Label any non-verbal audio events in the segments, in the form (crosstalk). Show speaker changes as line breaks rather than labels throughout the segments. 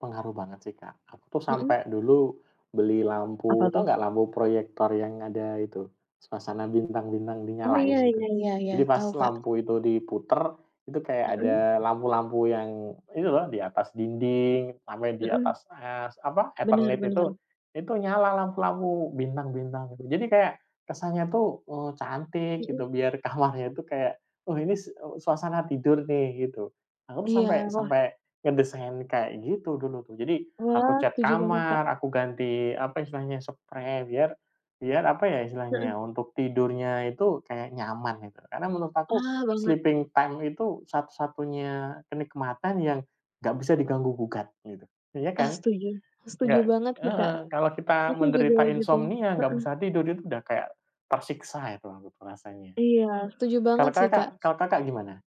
Pengaruh banget sih Kak. Aku tuh
Hmm.
sampai dulu, beli
Apa
lampu, tahu
tuh?
nggak lampu proyektor yang ada itu, suasana bintang-bintang
Oh iya
dinyalain gitu?
iya iya iya
Jadi pas
tahu Kak.
lampu itu diputar itu kayak
Hmm.
ada lampu-lampu yang itu loh di atas dinding sampai di
Hmm.
atas es apa
Bener
eternit itu.
bener.
Itu nyala lampu-lampu, bintang-bintang, gitu, jadi kayak, kesannya tuh, eee, cantik
Hmm.
gitu biar kamarnya itu kayak oh ini s eee, suasana tidur nih gitu. Aku tuh sampai
Iya, wah.
sampai ngedesain kayak gitu dulu tuh. Jadi, aku
Wah,
cat
setuju banget Kak.
kamar, aku ganti apa istilahnya, seprei biar biar apa ya
Heeh.
istilahnya, untuk tidurnya itu kayak nyaman itu. Karena menurut aku,
Ah banget.
sleeping time itu satu-satunya kenikmatan yang gak bisa diganggu gugat gitu. Iya kan?
Ah setuju. Setuju
Nggak
banget sih Kak.
heeh kalau kita
Aku juga
menderita
begitu.
insomnia nggak
Heeh.
bisa tidur itu udah kayak, tersiksa itu aku perasanya.
Iya setuju banget
Kalau
sih Kak.
Kakak kalau Kakak gimana?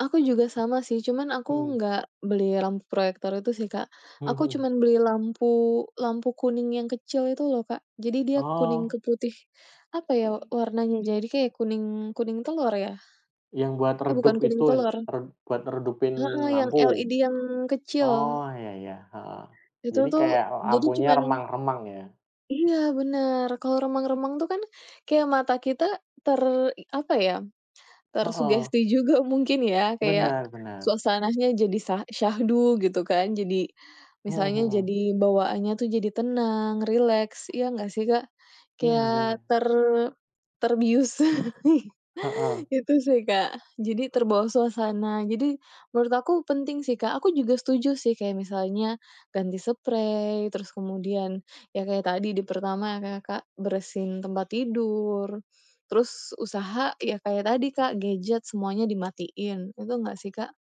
Aku juga sama sih cuman aku
Hmm.
nggak beli lampu proyektor itu sih Kak.
Hmm
Aku
hmm.
cuman beli lampu lampu kuning yang kecil itu loh Kak. Jadi dia kuning
Oh.
ke putih, apa ya, eee, warnanya, Jadi kayak kuning kuning telur ya.
Yang buat
Eh bukan
redup
kuning
itu n
telur.
re buat redupin
Heeh yang
lampu?
LED yang kecil.
Oh ya ya heeh.
Itu
Jadi
tuh
kayak, eee,
jadi
lampunya
cuman
remang-remang ya.
Iya bener. Kalau remang-remang tuh kan kayak mata kita ter i apa ya,
Heeh.
tersugesti juga mungkin ya kayak,
Benar benar.
suasananya jadi sa syahdu gitu kan. Jadi,
Mhm
misalnya
mhm.
jadi bawaannya tuh jadi tenang, rileks ya nggak sih Kak?
Iya
Kayak
bener.
ter terbius. (chuckles)
Heeh.
Itu sih Kak. Jadi terbawa suasana. Jadi, menurut aku penting sih Kak. Aku juga setuju sih kayak misalnya, ganti seprei, terus kemudian ya kayak tadi di pertama nge Kak, bersihin tempat tidur, terus usaha ya kayak tadi Kak gadget semuanya dimatiin. Betul nggak sih Kak?